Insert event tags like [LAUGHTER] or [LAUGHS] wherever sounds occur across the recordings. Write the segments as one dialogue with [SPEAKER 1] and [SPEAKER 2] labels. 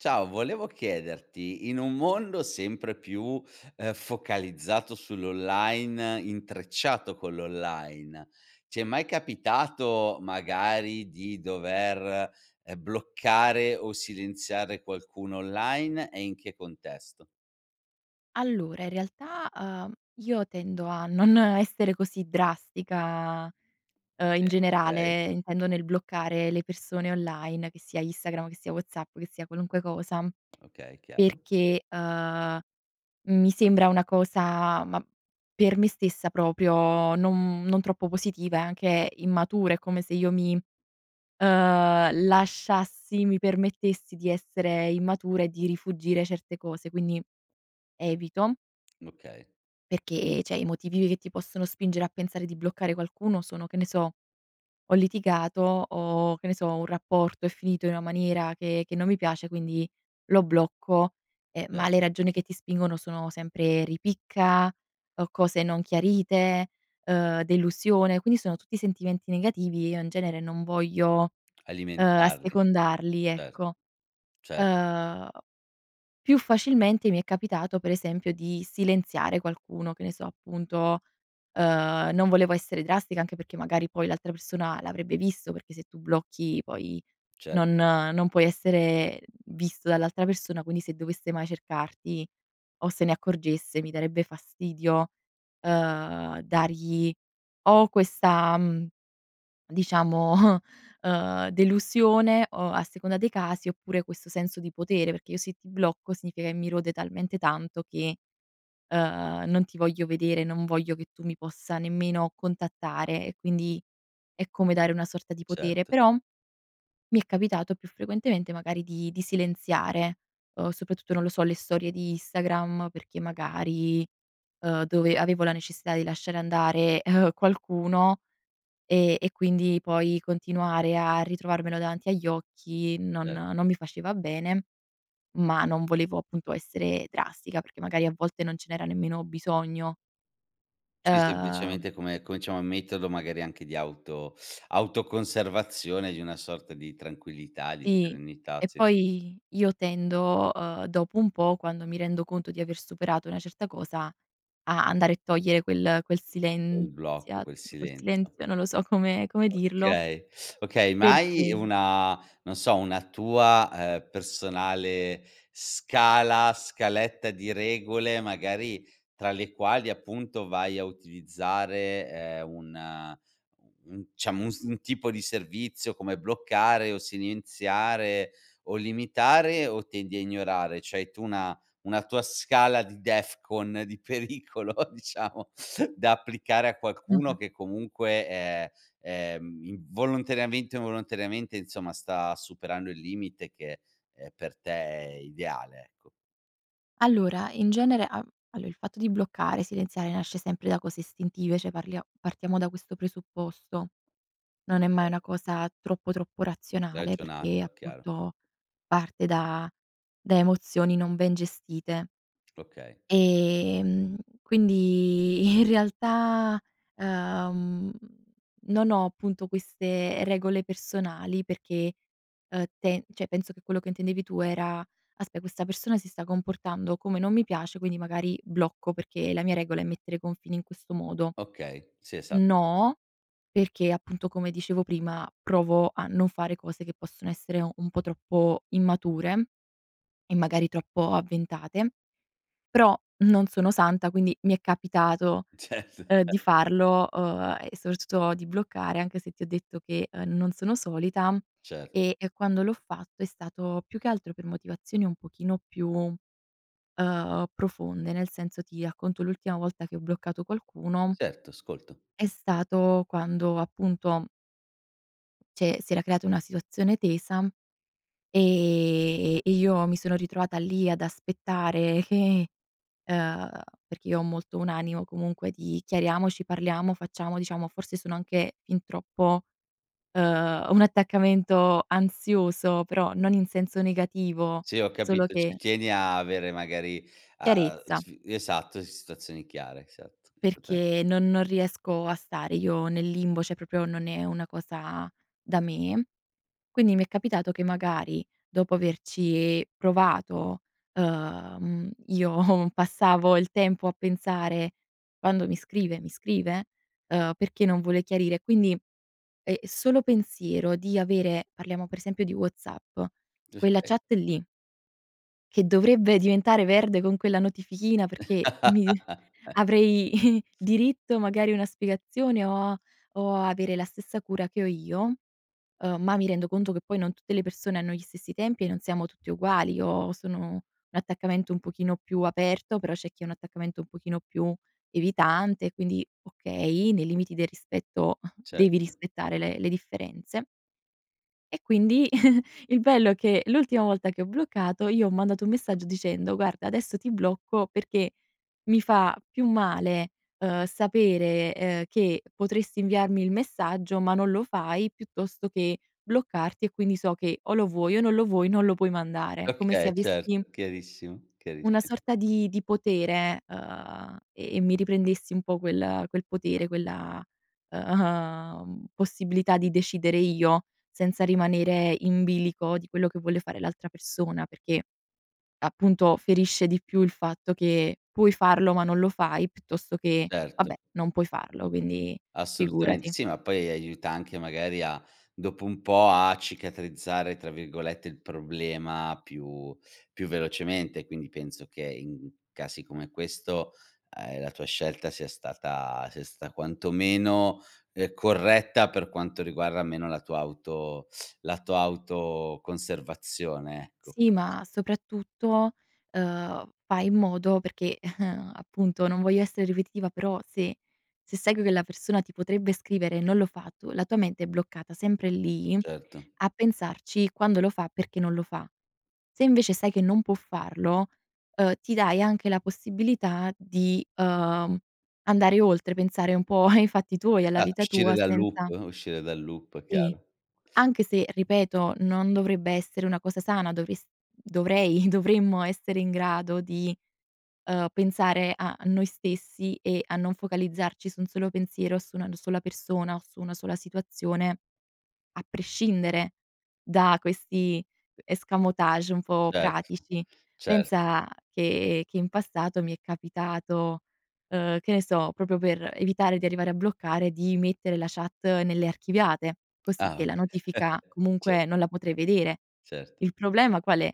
[SPEAKER 1] Ciao, volevo chiederti, in un mondo sempre più, ehm, focalizzato sull'online, intrecciato con l'online, ti è mai capitato, magari, di dover, ehm, bloccare o silenziare qualcuno online e in che contesto?
[SPEAKER 2] Allora in realtà, ehm, io tendo a non essere così drastica, ehm, in
[SPEAKER 1] Vero, okay.
[SPEAKER 2] generale intendo nel bloccare le persone online, che sia Instagram, che sia WhatsApp, che sia qualunque cosa.
[SPEAKER 1] Okay, chiaro.
[SPEAKER 2] Perché, ehm, mi sembra una cosa ma per me stessa proprio non non troppo positiva e anche immatura, è come se io mi, ehm, lasciassi mi permettessi di essere immatura e di rifuggire certe cose. Quindi evito
[SPEAKER 1] Okay.
[SPEAKER 2] perché, cioè, i motivi che ti possono spingere a pensare di bloccare qualcuno sono che ne so, ho litigato, o che ne so, un rapporto è finito in una maniera che che non mi piace, quindi lo blocco; ehm, ma
[SPEAKER 1] Cer
[SPEAKER 2] le ragioni che ti spingono sono sempre ripicca, o cose non chiarite, ehm, delusione; quindi sono tutti sentimenti negativi, io in genere non voglio, ehm,
[SPEAKER 1] Alimentarle.
[SPEAKER 2] assecondarli,
[SPEAKER 1] Certo.
[SPEAKER 2] ecco.
[SPEAKER 1] Cer
[SPEAKER 2] Ehm, più facilmente mi è capitato per esempio di silenziare qualcuno, che ne so, appunto, ehm, non volevo essere drastica, anche perché magari poi l'altra persona l'avrebbe visto, perché se tu blocchi poi,
[SPEAKER 1] Cer
[SPEAKER 2] non non puoi essere visto dall'altra persona, quindi se dovesse mai cercarti, o se ne accorgesse mi darebbe fastidio, ehm, dargli o questa, mhmm, diciamo, ehm, delusione o a seconda dei casi oppure questo senso di potere, perché io se ti blocco significa che mi rode talmente tanto che, ehm, non ti voglio vedere, non voglio che tu mi possa nemmeno contattare e quindi è come dare una sorta di potere.
[SPEAKER 1] Certo.
[SPEAKER 2] Però mi è capitato più frequentemente magari di di silenziare, uhm, soprattutto, non lo so, le storie di Instagram perché magari, ehm, dove avevo la necessità di lasciare andare, ehm, qualcuno, e e quindi poi continuare a ritrovarmelo davanti agli occhi non
[SPEAKER 1] Certo.
[SPEAKER 2] non mi faceva bene, ma non volevo appunto essere drastica, perché magari a volte non ce n'era nemmeno bisogno.
[SPEAKER 1] Sì,
[SPEAKER 2] Uhm
[SPEAKER 1] semplicemente come cominciamo a metterlo magari anche di auto [SUCKS TEETH] autoconservazione di una sorta di tranquillità, di
[SPEAKER 2] Sì,
[SPEAKER 1] serenità,
[SPEAKER 2] e
[SPEAKER 1] sì
[SPEAKER 2] poi io tendo, uhm, dopo un po', quando mi rendo conto di aver superato una certa cosa, a andare e togliere quel quel
[SPEAKER 1] Quel blocco,
[SPEAKER 2] silenzia
[SPEAKER 1] quel
[SPEAKER 2] quel
[SPEAKER 1] silenzio.
[SPEAKER 2] silenzio, non lo so come come dirlo
[SPEAKER 1] Okay, okay, ma hai
[SPEAKER 2] perché
[SPEAKER 1] una non so, una tua, ehm, personale scala, scaletta di regole, magari, tra le quali appunto vai a utilizzare, ehm, un u un diciamo, un s un tipo di servizio come bloccare o silenziare, o limitare, o tendi a ignorare? C'hai tu una una tua scala di DEFCON di pericolo, diciamo, da applicare a qualcuno
[SPEAKER 2] Mh-mh.
[SPEAKER 1] che comunque è è, mhmm, in volontariamente o involontariamente, insomma, sta superando il limite che, ehm, per te è ideale, ecco.
[SPEAKER 2] Allora, in genere a allora il fatto di bloccare, silenziare nasce sempre da cose istintive, cioè parlia partiamo da questo presupposto. Non è mai
[SPEAKER 1] Okay.
[SPEAKER 2] una cosa troppo, troppo razionale, perché
[SPEAKER 1] [UNINTELLIGIBLE] chiaro.
[SPEAKER 2] appunto parte da da emozioni non ben gestite
[SPEAKER 1] Okay.
[SPEAKER 2] ehm, quindi in realtà, uhm, non ho appunto queste regole personali, perché, uhm, te cioè, penso che quello che intendevi tu era: “Aspe questa persona si sta comportando come non mi piace, quindi magari blocco perché la mia regola è mettere i confini in questo modo.”
[SPEAKER 1] Okay, sì esa
[SPEAKER 2] No, perché appunto, come dicevo prima, provo a non fare cose che possono essere un po' troppo immature e magari troppo avventate, però non sono santa, quindi mi è capitato,
[SPEAKER 1] Certo.
[SPEAKER 2] uhm, di farlo, uhm, e soprattutto di bloccare, anche se ti ho detto che, uhm, non sono solita,
[SPEAKER 1] Cert
[SPEAKER 2] e e quando l'ho fatto è stato più che altro per motivazioni un pochino più, uhm, profonde, nel senso, ti racconto l'ultima volta che ho bloccato qualcuno
[SPEAKER 1] Certo, ascolto.
[SPEAKER 2] è stato quando appunto Cioè si era creata una situazione tesa, ehm, e io mi sono ritrovata lì ad aspettare che uhm, perché io ho molto un animo comunque di chiariamoci, parliamo, facciamo, diciamo, forse sono anche fin troppo, uhm, un attaccamento ansioso, però, non in senso negativo,
[SPEAKER 1] Sì ho
[SPEAKER 2] solo
[SPEAKER 1] capito ci
[SPEAKER 2] che
[SPEAKER 1] tieni a avere magari a
[SPEAKER 2] Chiarezza.
[SPEAKER 1] sf esatto, situazioni chiare esatto esattame
[SPEAKER 2] Perché, non non riesco a stare io nel limbo, cioè proprio non è una cosa da me. Quindi mi è capitato che magari, dopo averci provato, uhm, io passavo il tempo a pensare: "Quando mi scrive? Mi scrive?"; uhm, "Perché non vuole chiarire?" Quindi è è solo pensiero di avere parliamo per esempio di WhatsApp,
[SPEAKER 1] Gius
[SPEAKER 2] quella
[SPEAKER 1] [UNINTELLIGIBLE]
[SPEAKER 2] chat lì che dovrebbe diventare verde con quella notifichina perché mi
[SPEAKER 1] [LAUGHS]
[SPEAKER 2] avrei [CHUCKLES] diritto magari una spiegazione, o a o a avere la stessa cura che ho io, uhm, ma mi rendo conto che poi non tutte le persone hanno gli stessi tempi e non siamo tutti uguali. Io sono un attaccamento un pochino più aperto, però c'è chi ha un attaccamento un pochino più evitante, quindi okay, nei limiti del rispetto
[SPEAKER 1] Cert
[SPEAKER 2] devi rispettare le le differenze E quindi [CHUCKLES] il bello che l'ultima volta che ho bloccato, io ho mandato un messaggio dicendo: "Guarda adesso ti blocco perché mi fa più male, uhm, sapere, ehm, che potresti inviarmi il messaggio ma non lo fai piuttosto che, bloccarti e quindi so che o lo vuoi o non lo vuoi non lo puoi mandare". Come se
[SPEAKER 1] Okay
[SPEAKER 2] avessi
[SPEAKER 1] certo, chiarissimo,
[SPEAKER 2] una
[SPEAKER 1] chiarissi
[SPEAKER 2] sorta di di potere, uhm, e e mi riprendessi un po' quel quel potere quella, uhm, possibilità di decidere io, senza rimanere in bilico di quello che vuole fare l'altra persona perché, appunto ferisce di più il fatto che, puoi farlo ma non lo fai piuttosto che,
[SPEAKER 1] Certo.
[SPEAKER 2] vabbè non puoi farlo quindi,
[SPEAKER 1] Assolutamente
[SPEAKER 2] figurati.
[SPEAKER 1] sì, ma poi, aiuta anche magari a dopo un po', a "cicatrizzare" tra virgolette il problema più, più velocemente, quindi penso che, in casi come questo, uhm, la tua scelta sia stata sia stata quanto meno, uhm, corretta per quanto riguarda almeno la tua auto la tua autoconservazione ecco.
[SPEAKER 2] Sì ma, soprattutto, uhm, fai in modo perché, [CHUCKLES] appunto, non voglio essere ripetitiva però se se sai che la persona ti potrebbe scrivere e non lo fa, tu, la tua mente è bloccata sempre lì,
[SPEAKER 1] Certo.
[SPEAKER 2] a pensarci quando lo fa, perché non lo fa. Se invece sai che non può farlo, uhm, ti dai anche la possibilità di, uhm, andare oltre, pensare un po' [CHUCKLES] ai fatti tuoi alla
[SPEAKER 1] Esat
[SPEAKER 2] vita
[SPEAKER 1] uscire
[SPEAKER 2] tua
[SPEAKER 1] dal loop,
[SPEAKER 2] senza
[SPEAKER 1] uscire dal loop,
[SPEAKER 2] Sì
[SPEAKER 1] chiaro.
[SPEAKER 2] anche se ripeto, non dovrebbe essere una cosa sana, dovres dovrei, dovremmo essere in grado di, uhm, pensare a noi stessi e a non focalizzarci su un solo pensiero, su una sola persona o su una sola situazione, a prescindere da questi escamotage un po'
[SPEAKER 1] Certo,
[SPEAKER 2] pratici.
[SPEAKER 1] cer
[SPEAKER 2] Pensa, che che in passato mi è capitato, uhm, che ne so proprio per evitare di arrivare a bloccare, di mettere la chat nelle archiviate, così
[SPEAKER 1] Ah
[SPEAKER 2] che la
[SPEAKER 1] okay
[SPEAKER 2] notifica
[SPEAKER 1] [CHUCKLES] ce
[SPEAKER 2] comunque non la potrei vedere.
[SPEAKER 1] Certo.
[SPEAKER 2] Il problema qual è?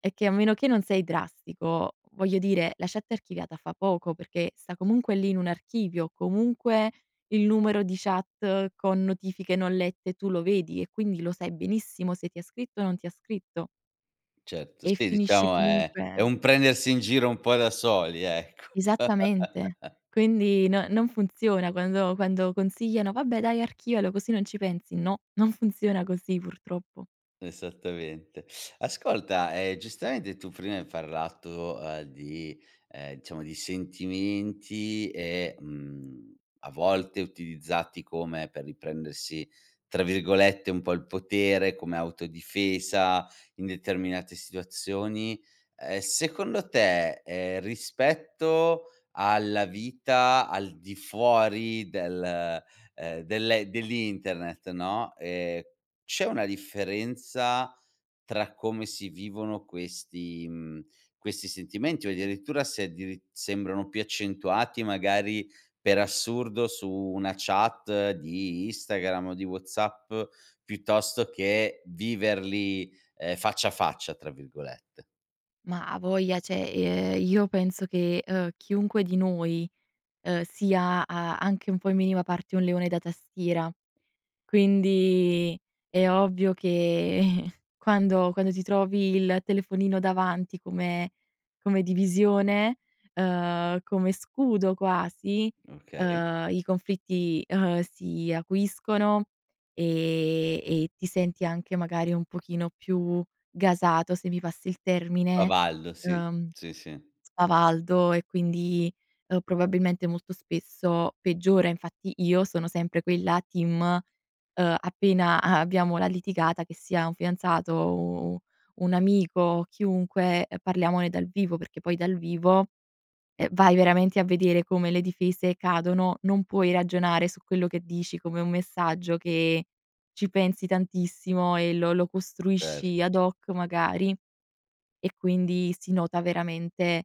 [SPEAKER 2] È che a meno che non sei drastico, voglio dire la chat archiviata fa poco perché, sta comunque lì in un archivio, comunque il numero di chat con notifiche non lette tu lo vedi e quindi lo sai benissimo se ti ha scritto o non ti ha scritto.
[SPEAKER 1] Certo,
[SPEAKER 2] E
[SPEAKER 1] sì,
[SPEAKER 2] finisci
[SPEAKER 1] diciamo è è
[SPEAKER 2] comunque
[SPEAKER 1] un prendersi in giro un po' da soli ecco.
[SPEAKER 2] Esattamente.
[SPEAKER 1] [LAUGHS]
[SPEAKER 2] Quindi no non funziona quando quando consigliano: "Vabbè, dai, archivialo, così non ci pensi." No, non funziona così, purtroppo.
[SPEAKER 1] Esattamente. Ascolta, ehm, giustamente tu prima hai parlato, ehm, di ehm, diciamo di sentimenti e, mhmm, a volte utilizzati come per riprendersi, tra virgolette un po' "il potere", come autodifesa in determinate situazioni, ehm, secondo te, ehm, rispetto alla vita al di fuori del ehm, dell'e dell'internet, no, ehm, c'è una differenza tra come si vivono questi mhmm, questi sentimenti? O addirittura se addiritt sembrano più accentuati magari, per assurdo, su una chat di Instagram o di WhatsApp, piuttosto che viverli, ehm, "faccia a faccia" tra virgolette?
[SPEAKER 2] Ma avoglia, cioè, ehm, io penso che, ehm, chiunque di noi, ehm, sia a anche un po', in minima parte, un leone da tastiera. Quindi, è ovvio che, quando quando ti trovi il telefonino davanti come come divisione, ehm, come scudo quasi,
[SPEAKER 1] Okay.
[SPEAKER 2] ehm, i conflitti, ehm, si acuiscono, e e ti senti anche, magari, un pochino più gasato, se mi passi il termine,
[SPEAKER 1] Spavaldo, sì.
[SPEAKER 2] ehm,
[SPEAKER 1] Sì, sì.
[SPEAKER 2] spavaldo, e quindi, ehm, probabilmente molto spesso peggiora. Infatti, io sono sempre quella team: ehm, appena a abbiamo la litigata, che sia un fidanzato, o u u un amico o chiunque, ehm, parliamone dal vivo, perché poi dal vivo, eh, vai veramente a vedere come le difese cadono. Non puoi ragionare su quello che dici come un messaggio, che ci pensi tantissimo e lo lo costruisci
[SPEAKER 1] Certo.
[SPEAKER 2] ad hoc, magari; e quindi si nota veramente,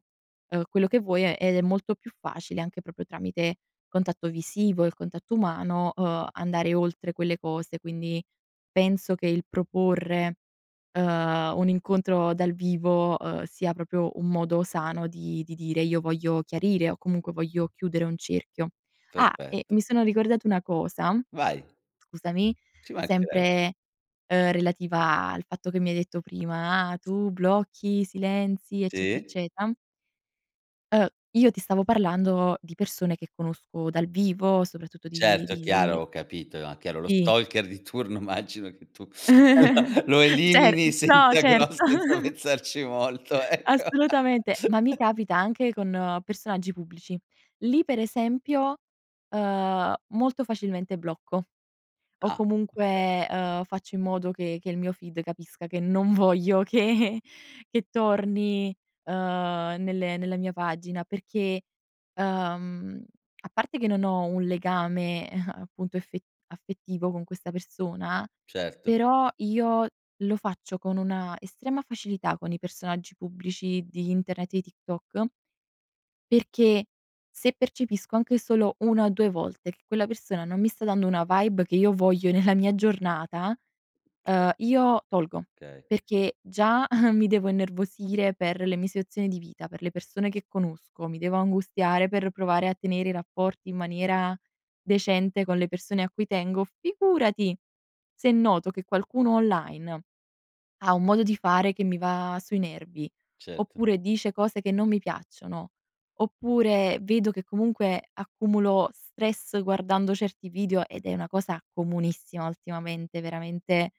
[SPEAKER 2] uhm, quello che vuoi e ed è molto più facile anche proprio tramite contatto visivo, il contatto umano, uhm, andare oltre quelle cose. Quindi, penso che il proporre, ehm, un incontro dal vivo, ehm, sia proprio un modo sano di di dire: "Io voglio chiarire", o comunque, "voglio chiudere un cerchio". Ah! E
[SPEAKER 1] Perfetto.
[SPEAKER 2] mi sono ricordata una cosa,
[SPEAKER 1] Vai!
[SPEAKER 2] scusami,
[SPEAKER 1] Ci manchereb
[SPEAKER 2] sempre, ehm, relativa al fatto che mi hai detto prima: "Ah, tu blocchi, silenzi, eccetera,
[SPEAKER 1] Sì.
[SPEAKER 2] eccetera" Uh, io ti stavo parlando di persone che conosco dal vivo, soprattutto di
[SPEAKER 1] Certo, è
[SPEAKER 2] di
[SPEAKER 1] chiaro, ho capito, a chiaro. Lo
[SPEAKER 2] Sì.
[SPEAKER 1] stalker di turno immagino che tu,
[SPEAKER 2] [GIGGLES]
[SPEAKER 1] lo
[SPEAKER 2] Cer
[SPEAKER 1] elimini
[SPEAKER 2] No,
[SPEAKER 1] senza grosse
[SPEAKER 2] certo.
[SPEAKER 1] senza
[SPEAKER 2] [GIGGLES]
[SPEAKER 1] pensarci molto, ecco.
[SPEAKER 2] Assolutamente, ma mi
[SPEAKER 1] [LAUGHS]
[SPEAKER 2] capita anche con personaggi pubblici. Lì per esempio, ehm, molto facilmente blocco, o
[SPEAKER 1] Ah, okay.
[SPEAKER 2] comunque, ehm, faccio in modo che che il mio feed capisca che non voglio che che torni, ehm, nelle nella mia pagina perché, uhm, a parte che non ho un legame, [CHUCKLES] appunto effe affettivo con questa persona,
[SPEAKER 1] Certo.
[SPEAKER 2] però io lo faccio con una estrema facilità con i personaggi pubblici di internet e TikTok perché se percepisco anche solo 1 o 2 volte che quella persona non mi sta dando una vibe che io voglio nella mia giornata, ehm
[SPEAKER 1] [UNINTELLIGIBLE]
[SPEAKER 2] io tolgo,
[SPEAKER 1] Okay.
[SPEAKER 2] perché già mi devo innervosire per le mie situazioni di vita, per le persone che conosco, mi devo angustiare per provare a tenere i rapporti in maniera, decente con le persone a cui tengo, figurati se noto che qualcuno online ha un modo di fare che mi va sui nervi,
[SPEAKER 1] Cert
[SPEAKER 2] oppure dice cose che non mi piacciono, oppure vedo che comunque accumulo stress guardando certi video ed è una cosa comunissima ultimamente, veramente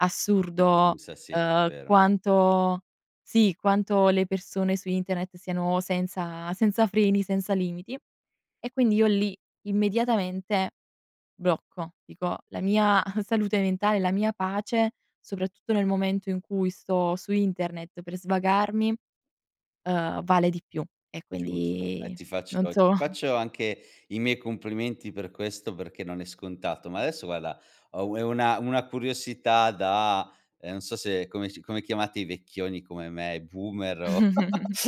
[SPEAKER 2] assurdo,
[SPEAKER 1] [UNINTELLIGIBLE] sì,
[SPEAKER 2] uhm,
[SPEAKER 1] vero.
[SPEAKER 2] quanto Sì, quanto le persone su internet siano senza senza freni, senza limiti. E quindi io lì immediatamente, blocco, dico la mia salute mentale, la mia pace, soprattutto nel momento in cui sto su internet per svagarmi, ehm, vale di più e
[SPEAKER 1] Giusto, e
[SPEAKER 2] quindi
[SPEAKER 1] ti faccio
[SPEAKER 2] non
[SPEAKER 1] ti
[SPEAKER 2] so.
[SPEAKER 1] faccio anche i miei complimenti per questo perché non è scontato, ma adesso, guarda, ho u una una curiosità da, ehm, non so come s come chiamate i vecchioni come me, boomer o o
[SPEAKER 2] [GIGGLES]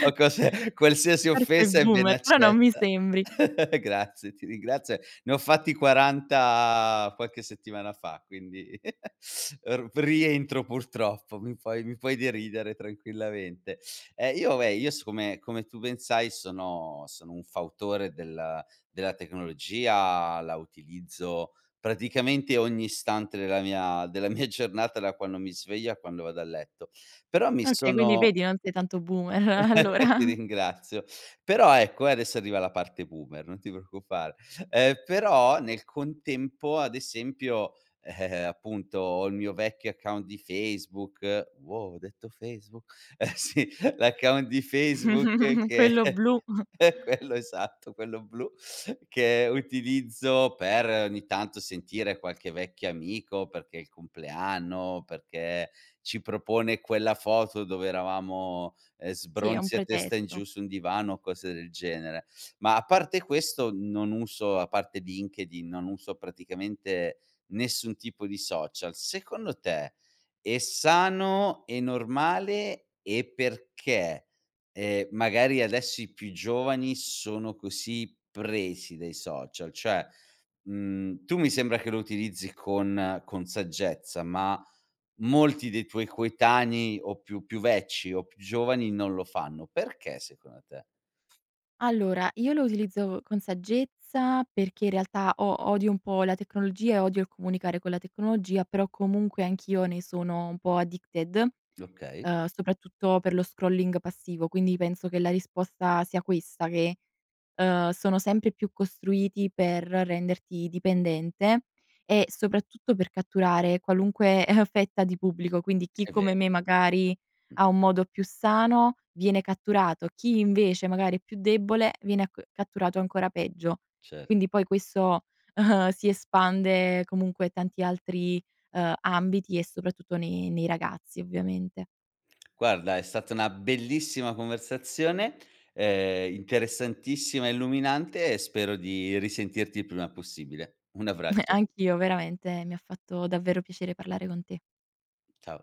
[SPEAKER 1] o cose, qualsiasi
[SPEAKER 2] Forse
[SPEAKER 1] offesa è ben
[SPEAKER 2] boomer però non mi
[SPEAKER 1] accetta.
[SPEAKER 2] sembri.
[SPEAKER 1] [LAUGHS] Grazie, ti ringrazio, ne ho fatti 40 qualche settimana fa, quindi [LAUGHS] r rientro purtroppo, mi puoi mi puoi deridere tranquillamente. Eh, io vabbè, io siccome, come tu ben sai, sono sono un fautore della della tecnologia, la utilizzo praticamente ogni istante della mia della mia giornata, da quando mi sveglio a quando vado a letto. Però mi
[SPEAKER 2] Okay quindi
[SPEAKER 1] sono
[SPEAKER 2] vedi, non sei tanto boomer,
[SPEAKER 1] [LAUGHS] ti
[SPEAKER 2] allora.
[SPEAKER 1] ringrazio. Però ecco, e adesso arriva la parte boomer, non ti preoccupare. Ehm, però nel contempo, ad esempio, ehm, appunto, ho il mio vecchio account di Facebook, wow, ho detto Facebook, eh sì, l'account di Facebook,
[SPEAKER 2] [CHUCKLES]
[SPEAKER 1] che
[SPEAKER 2] Quello blu. [CHUCKLES]
[SPEAKER 1] è quello esatto, quello blu, che utilizzo per ogni tanto sentire qualche vecchio amico, perché è il compleanno, perché ci propone quella foto dove eravamo, eh,
[SPEAKER 2] Sì, è un
[SPEAKER 1] sbronzi a testa in giù
[SPEAKER 2] pretesto.
[SPEAKER 1] su un divano o cose del genere. Ma a parte questo, non uso a parte LinkedIn, non uso praticamente nessun tipo di social. Secondo te, è sano e normale e perché? Ehm, magari adesso i più giovani sono così presi dai social, cioè, mhmm, tu mi sembra che lo utilizzi con con saggezza, ma molti dei tuoi coetanei o più più vecchi o più giovani non lo fanno, perché secondo te?
[SPEAKER 2] Allora io lo utilizzo con saggezza perché in realtà o odio un po' la tecnologia e odio il comunicare con la tecnologia. Però comunque anch'io ne sono un po' addicted
[SPEAKER 1] Okay.
[SPEAKER 2] ehm, soprattutto per lo scrolling passivo. Quindi penso che la risposta sia questa che, uhm, sono sempre più costruiti per renderti dipendente e soprattutto per catturare qualunque eh, fetta di pubblico. Quindi chi
[SPEAKER 1] È
[SPEAKER 2] come
[SPEAKER 1] vero.
[SPEAKER 2] me, magari
[SPEAKER 1] Mh.
[SPEAKER 2] ha un modo più sano, viene catturato. Chi invece magari è più debole viene catturato ancora peggio.
[SPEAKER 1] Cert
[SPEAKER 2] Quindi poi questo [CHUCKLES] si espande comunque a tanti altri, uhm, ambiti e soprattutto nei nei ragazzi, ovviamente.
[SPEAKER 1] Guarda, è stata una bellissima conversazione, ehm, interessantissima, illuminante e spero di risentirti il prima possibile. Un
[SPEAKER 2] [CHUCKLES]
[SPEAKER 1] abbraccio.
[SPEAKER 2] Anch'io veramente mi ha fatto davvero piacere parlare con te.
[SPEAKER 1] Ciao.